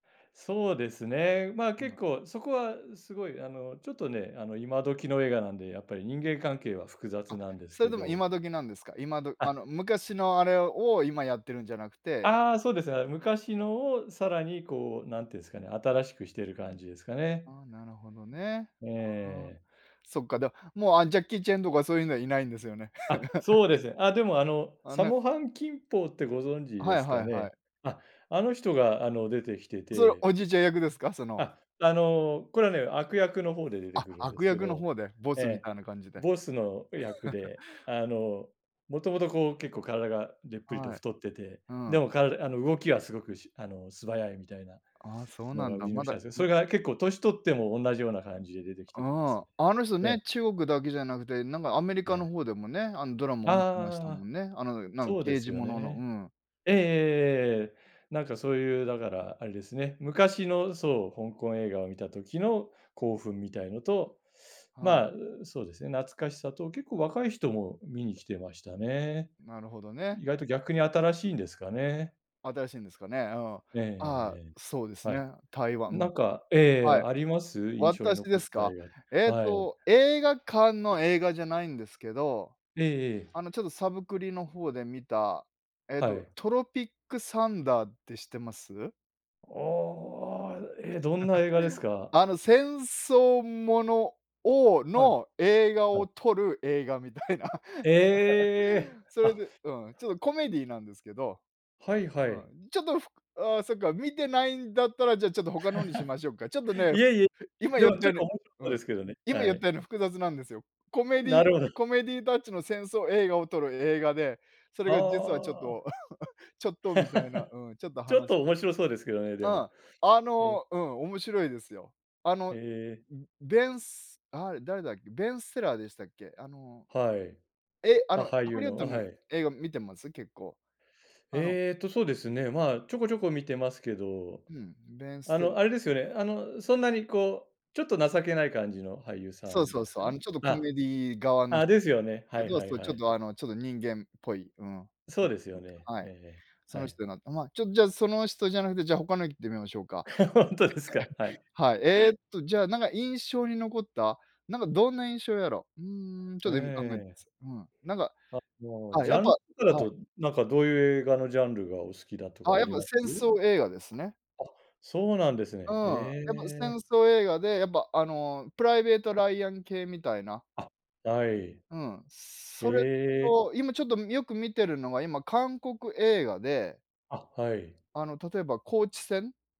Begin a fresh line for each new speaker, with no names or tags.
そうですね。ま、結
今。
構そこはすごい、あの、ちょっとね、あの、今時の映画なんでやっぱり人間関係は複雑
あ、
なんです
それ
け
でも
ど。
今時なんですか？今ど
あ
あ
っ。
の、昔のあれを今やってるんじゃなくて
ああ、そうですね、あれ、昔のをさらに、こう、何て言うんですかね新しくしてる感じですかね。
ああ、なるほどね。
え
ああ、
え。
そっか、では、もう、あ、ジャッキー・チェンとかそういうのはいないんですよね。
あっ、そうで すね。あ、でも、あの、
あ、
サ
なん
モ・ハン・キンポーってご存知
は
で
い
す
は
か
いはい。
ね？あっ、あの人が、あの、出てきて
それ、
て
おじいちゃん役ですか？その
あ、あの、これはね悪役の方で出て
あ、
くるんで
悪
すけ
役の
ど。
方でボ
え
スみ
え。
たいな感じで。
ボスの役 で、あの、もともと、こう、結構体がでっぷりと
はい。
太ってて、
う
で
ん。
もからあの、動きはすごくしあの、素早いみたいな
ああ、そう
の
なん
が売
だ。
りの
ま
人
だ、
なんですね。
う
そ
ん
れが結構年取っても同じような感じで出てき
う
ててで
ん、
すね。
あの人
ええ。
ね、中国だけじゃなくてなんかアメリ
は
カの
い。
方でもね、あの、ドラマもってました
あ
も
あ、
んね、あの、なん
そうで
刑
す
事
よ
ものの。う
ね。
ん。
ええええええええええ。なんかそういうだからあれですね。昔のそう、香港映画を見た時の興奮みたいのと、
はい。
まあ、そうですね懐かしさと結構若い人も見に来てましたね。
なるほどね。
意外と逆に新しいんですかね。
新しいんですかね。うん。あ
えええええ
あ、
ええ
そうで
え、
す
はい。
ね。台湾う
な
ん。
んかええ、
はい。
あります？印象に
私
残
で
っ
す
た
か？
映
え
画
っ
はい。
と、映画館の映画じゃないんですけど、
ええええ。
あの、ちょっとサブクリの方で見た、えっ
は
と、
い。
トロピックサンダーって知ってます？
おお、え、どんな映画ですか？
あの、戦争ものを
はい、
の映画
は
を
い。
撮る映画みたいな
ええ！
それ
あ。
でうん、ちょっとコメディーなんですけど。
はい
う
はい。
ん。ちょっと、ふああ、そっか見ていないんだったら、じゃあ、ちょっと、他の方にしましょか。ちょっと ね、
いえいえ、
ふ今
で
言っ
もち
た
ょっ
よ
と面白
うに
そう
うん。
ですけどね。
今言
は
っ
い。
たように複雑なんですよ。コメデ
な
ィ
るほど。
コメディタッチの戦争映画を撮る映画でそれが実はちょっ
あ
と
あ。
ちょっとみたいな。うん、ちょっと
ちょっ
話
と面白そうですけどね、で
う
も。
ん、あ
ね。
のうん、面白いですよ。あ
へ
の、
え。
んん、ベンスあれ、誰だっけ。ベンセラーでしたっけ？あの、
はい。
え、あ
あ、
の
俳
ハ
優
リウ
の。
ッド
あ、
の
はい。
映画見てます？結構、あの
ええと、そうですね。まあ、ちょこちょこ見てますけど。
うん、べんす
あ
てら
の、あれですよね、あの、そんなに、こう、ちょっと情けない感じの俳優さ
そう
ん
そ
で
う
す
そう。あの、
か？
ちょっとコ
あ、
メディー側のひ、
あ、ですよね。は
け
い
ど、
はい
そう、ち
は
ょっ
い。
と、あの、ちょと人間っぽい、うん、ん、ん、
そうですよね。
はい、
ええ
そ
ええ、は
の
い。
人のま、ちょ、じゃその人じゃなくてじゃ他の言ってみましょうか。
本当ですか、はい。
はい。えっと、じゃあ、なんか、印象に残ったなんかどんな印象やろ。うーん、ちょ
え
っと今考えま
え。
す。うん。なんか、
あの、
あ、
ジ
や
ャ
っぱ
ンとかだ
はい。
となんかどういう映画のジャンルがお好きだと
ああ、
かあ
やっ
り
ぱ
ま
戦
す？
争映画ですね。
あ、そうなんです
うん。
ね。へ
やっぱ戦
え。
争映画でやっぱ、あの、プライベートライアン系みたいな。
あ、はい。
うん、
へ
それ
え。
と今ちょっとみよく見てるのが今韓国映画で
あ、はい。
あの、例えば高地戦。